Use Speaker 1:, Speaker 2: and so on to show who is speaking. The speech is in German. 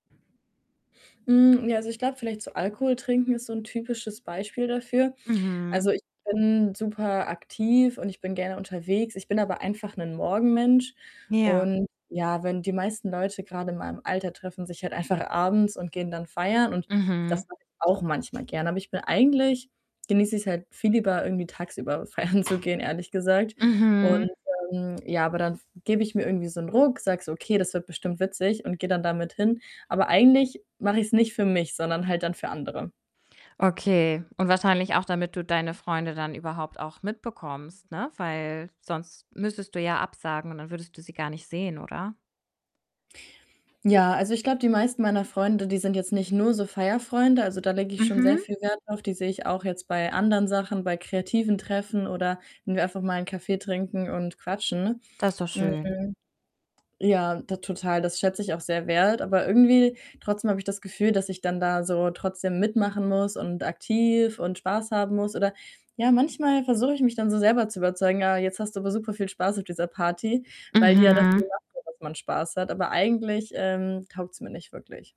Speaker 1: Hm, ja, also, ich glaube vielleicht so Alkohol trinken ist so 'n typisches Beispiel dafür. Also,
Speaker 2: Mhm.
Speaker 1: ich bin super aktiv und ich bin gerne unterwegs. Ich bin aber einfach 'nen Morgenmensch
Speaker 2: Ja.
Speaker 1: und ja, wenn die meisten Leute grade in meinem Alter treffen sich halt einfach abends und gehen dann feiern und
Speaker 2: Mhm.
Speaker 1: das mache ich auch manchmal gerne. Aber ich bin eigentlich genieße ich's halt viel lieber, irgendwie tagsüber feiern zu gehen, ehrlich gesagt und,
Speaker 2: Mhm.
Speaker 1: ähm, ja, aber dann gebe ich mir irgendwie so 'nen Ruck, sage so: „Okay, das wird bestimmt witzig“, und gehe dann damit hin. Aber eigentlich mache ich's nicht für mich, sondern halt dann für andere.
Speaker 2: Okay, und wahrscheinlich auch, damit du deine Freunde dann überhaupt auch mitbekommst, ne, weil sonst müsstest du ja absagen und dann würdest du sie gar nicht sehen, oder?
Speaker 1: Ja, also, ich glaube die meisten meiner Freunde, die sind jetzt nicht nur so Feierfreunde, also, da lege ich schon sehr
Speaker 2: Mhm.
Speaker 1: viel Wert drauf. Die sehe ich auch jetzt bei anderen Sachen, bei kreativen Treffen oder wenn wir einfach mal 'n Kaffee trinken und quatschen.
Speaker 2: Das ist doch schön.
Speaker 1: Hm. Ja, t total, das schätze ich auch sehr wert, aber irgendwie trotzdem habe ich das Gefühl, dass ich dann da so trotzdem mitmachen muss und aktiv und Spaß haben muss oder ja, manchmal versuche ich mich dann so selber zu überzeugen: „Ah, jetzt hast du aber superviel Spaß auf dieser Party“, weil die ja dafür
Speaker 2: Mhm.
Speaker 1: gemacht wird, dass man Spaß hat. Aber eigentlich, ähm, taugt's mir nicht wirklich.